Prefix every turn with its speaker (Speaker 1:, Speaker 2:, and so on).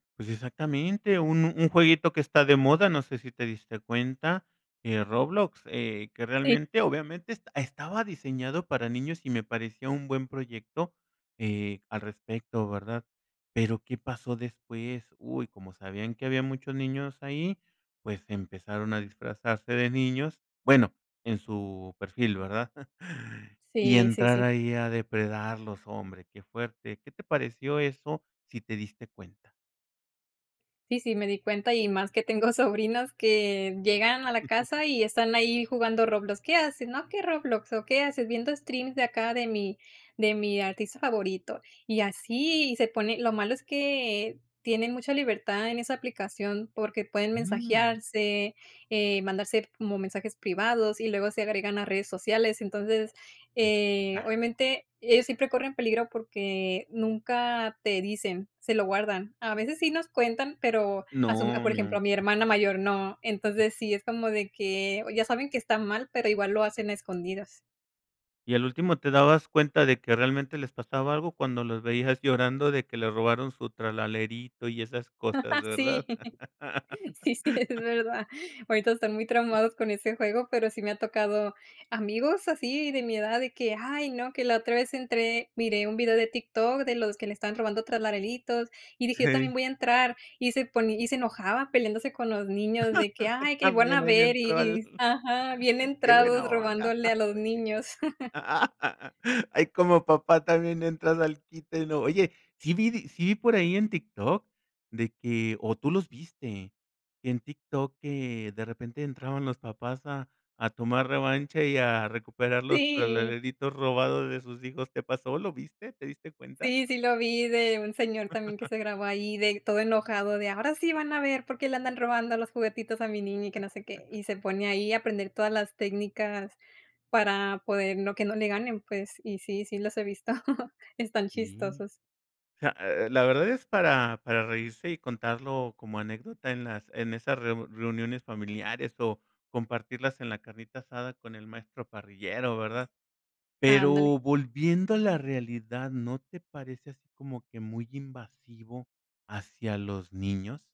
Speaker 1: Pues, exactamente, uno un jueguito que está de moda, no sé si te diste cuenta, eh, Roblox, eh, que
Speaker 2: Sí.
Speaker 1: realmente obviamente estaba diseñado para niños y me parecía un buen proyecto, eh, al respecto, ¿verdad? Pero, ¿qué pasó después? Uy, como sabían que habían muchos niños ahí, pues empezaron a disfrazarse de niños, bueno, en su perfil, ¿verdad? Y
Speaker 2: Sí, sí,
Speaker 1: entrar
Speaker 2: sí.
Speaker 1: ahí a depredarlos, hombre, qué fuerte, ¿qué te pareció eso si te diste cuenta?
Speaker 2: Sí, sí, me di cuenta, y más que tengo sobrinos que llegan a la casa y están ahí jugando Roblox. ¿Qué hacen? No aquí en Roblox, ¿o qué haces? Viendo streams de acá de mi de mi artista favorito, y así se pone. Lo malo es que tienen mucha libertad en esa aplicación, porque pueden
Speaker 1: Mm.
Speaker 2: mensajearse, eh, mandarse como mensajes privados y luego se agregan a redes sociales. Entonces, eh,
Speaker 1: Exacto.
Speaker 2: obviamente, ellos siempre corren peligro porque nunca te dicen, se lo guardan. A veces sí nos cuentan, pero a su
Speaker 1: No,
Speaker 2: por ejemplo,
Speaker 1: no.
Speaker 2: a mi hermana mayor, no. Entonces sí, es como de que, o, ya saben que está mal, pero igual lo hacen a escondidas.
Speaker 1: Y al último te dabas cuenta de que realmente les pasaba algo cuando los veías llorando de que le robaron su Tralalerito y esas cosas,
Speaker 2: Sí,
Speaker 1: ¿verdad?
Speaker 2: sí, sí, es verdad. Ahorita están muy traumados con ese juego, pero sí me ha tocado amigos así de mi edad, de que, ay no, que la otra vez entré miré un video de TikTok de los que le están robando Tralaleritos. Y dije: "Yo también
Speaker 1: Hey.
Speaker 2: voy a entrar." Y se poní y se enojaba peleándose con los niños de que, ay, que iban a
Speaker 1: También ahí le
Speaker 2: ver y
Speaker 1: entró
Speaker 2: y
Speaker 1: al
Speaker 2: s ajá, bien
Speaker 1: qué
Speaker 2: entrados,
Speaker 1: buena onda,
Speaker 2: robándole a los niños.
Speaker 1: oye. Ahí como papá también entras al quite, ¿no? Oye, sí vi di sí por ahí en TikTok de que ¿o tú los viste? En TikTok que de repente entraban los papás a a tomar revancha y a recuperar los
Speaker 2: Sí.
Speaker 1: Tralaleritos robados de sus hijos. ¿Te pasó? ¿Lo viste? ¿Te diste cuenta?
Speaker 2: Sí, sí lo vi de un señor también que se grabó ahí de todo enojado de: "Ahora sí van a ver, porque le andan robando los juguetitos a mi niña", y que no sé qué. Y se pone ahí a aprender todas las técnicas para poder no, que no le ganen, pues, y sí, sí los he visto. Están
Speaker 1: Sí.
Speaker 2: chistosos.
Speaker 1: Sea, eh, la verdad es para para reírse y contarlo como anécdota en las en esas reu reuniones familiares, o, compartirlas en la carnita asada con el maestro parrillero, ¿verdad? Pero
Speaker 2: Ándale.
Speaker 1: volviendo a la realidad, ¿no te parece así como que muy invasivo hacia los niños?